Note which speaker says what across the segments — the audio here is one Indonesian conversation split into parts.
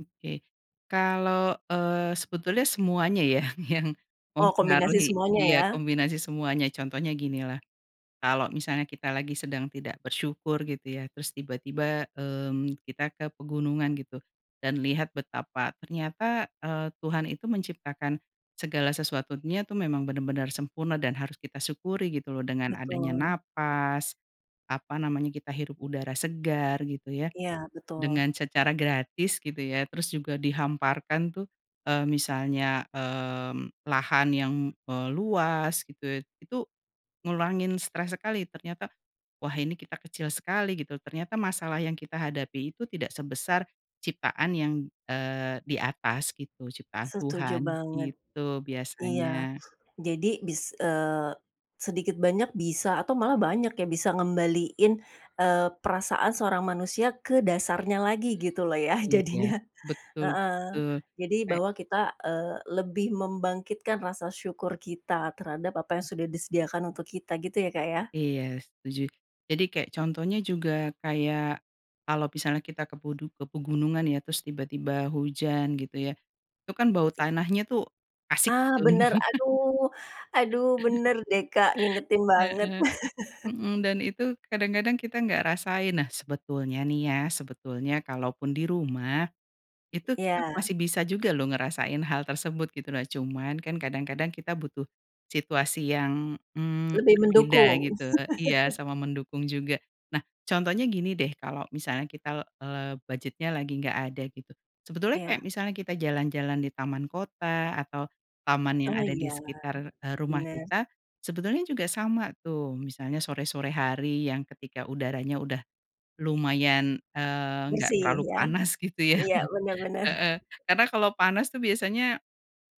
Speaker 1: Oke, kalau, eee, sebetulnya semuanya ya, yang
Speaker 2: Oh, kombinasi
Speaker 1: mempengaruhi
Speaker 2: semuanya,
Speaker 1: iya,
Speaker 2: ya.
Speaker 1: kombinasi semuanya contohnya gini lah, kalau misalnya kita lagi sedang tidak bersyukur gitu ya, terus tiba-tiba, mmm, kita ke pegunungan gitu, dan lihat betapa ternyata, eee, Tuhan itu menciptakan segala sesuatunya tuh memang benar-benar sempurna dan harus kita syukuri, gitu loh, dengan adanya
Speaker 2: Betul.
Speaker 1: napas, apa namanya, kita hirup udara segar gitu ya,
Speaker 2: Iya, betul.
Speaker 1: dengan secara gratis gitu ya, terus juga dihamparkan tuh, eee, misalnya, mmm, lahan yang, eee, luas gitu, itu ngurangin stres sekali ternyata, "Wah, ini kita kecil sekali," gitu. Ternyata masalah yang kita hadapi itu tidak sebesar ciptaan yang, eee, di atas gitu ciptaan
Speaker 2: Setuju
Speaker 1: Tuhan,
Speaker 2: banget,
Speaker 1: gitu
Speaker 2: iya.
Speaker 1: biasanya.
Speaker 2: Jadi bis eee, sedikit banyak bisa atau malah banyak ya, bisa ngembaliin, eee, perasaan seorang manusia ke dasarnya lagi, gitu loh ya,
Speaker 1: Oh, iya,
Speaker 2: jadinya,
Speaker 1: betul
Speaker 2: heeh.
Speaker 1: betul,
Speaker 2: Jadi,
Speaker 1: kayak
Speaker 2: bahwa kita, eee, lebih membangkitkan rasa syukur kita terhadap apa yang sudah disediakan untuk kita gitu ya, Kak, ya.
Speaker 1: Iya, setuju. Jadi kayak contohnya juga kayak kalau misalnya kita ke pedu ke pegunungan ya, terus tiba-tiba hujan gitu ya, itu kan bau tanahnya tuh asik,
Speaker 2: Ah,
Speaker 1: gitu.
Speaker 2: bener, aduh, aduh, bener deh, Kak, ngingetin banget.
Speaker 1: Heeh, mhm, dan itu kadang-kadang kita enggak rasain. Nah, sebetulnya nih ya, sebetulnya kalaupun di rumah, itu kita
Speaker 2: Iya.
Speaker 1: masih bisa juga loh ngerasain hal tersebut, gitu. Nah, cuman kan kadang-kadang kita butuh situasi yang, mmm,
Speaker 2: Lebih
Speaker 1: berbeda,
Speaker 2: mendukung.
Speaker 1: gitu iya, sama mendukung juga. Nah, contohnya gini deh, kalau misalnya kita, eee, budget-nya lagi nggak ada gitu, sebetulnya, kayak
Speaker 2: Iya.
Speaker 1: misalnya kita jalan-jalan di taman kota atau taman yang
Speaker 2: Oh,
Speaker 1: ada di
Speaker 2: iya,
Speaker 1: sekitar, eee, rumah
Speaker 2: bener.
Speaker 1: kita sebetulnya juga sama tuh, misalnya sore-sore hari yang ketika udaranya udah lumayan, eee, enggak
Speaker 2: Bersih,
Speaker 1: terlalu
Speaker 2: ya,
Speaker 1: panas, gitu ya.
Speaker 2: iya, benar benar.
Speaker 1: Heeh, karena kalau panas tuh biasanya,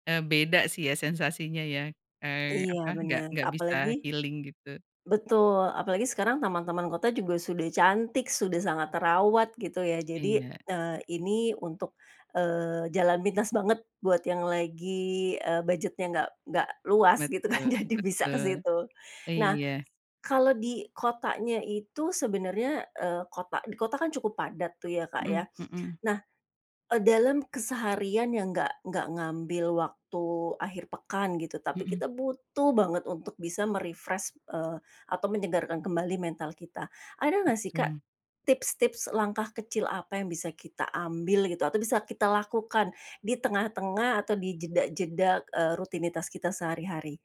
Speaker 1: eee, beda sih ya sensasinya ya, eee,
Speaker 2: Iya,
Speaker 1: apa nggak
Speaker 2: benar,
Speaker 1: nggak
Speaker 2: apalagi
Speaker 1: bisa healing, gitu.
Speaker 2: betul, apalagi sekarang taman-taman kota juga sudah cantik, sudah sangat terawat, gitu ya. Jadi,
Speaker 1: Iya.
Speaker 2: eee, ini untuk, eee, jalan pintas banget buat yang lagi, eee, budgetnya enggak enggak luas, gitu kan
Speaker 1: Betul,
Speaker 2: jadi bisa ke
Speaker 1: betul.
Speaker 2: situ. Nah,
Speaker 1: Iya.
Speaker 2: kalau di kotanya itu, sebenarnya, eee, kota di kota kan cukup padat tuh ya, Kak,
Speaker 1: Mhm
Speaker 2: ya.
Speaker 1: mhm.
Speaker 2: Nah, e dalam keseharian yang enggak enggak ngambil waktu akhir pekan, gitu, tapi
Speaker 1: Mhm.
Speaker 2: kita butuh banget untuk bisa me-refresh, eee, atau menyegarkan kembali mental kita, ada nggak sih, Kak,
Speaker 1: Betul.
Speaker 2: tips-tips langkah kecil apa yang bisa kita ambil gitu, atau bisa kita lakukan di tengah-tengah atau dijeda-jeda eee rutinitas kita sehari-hari?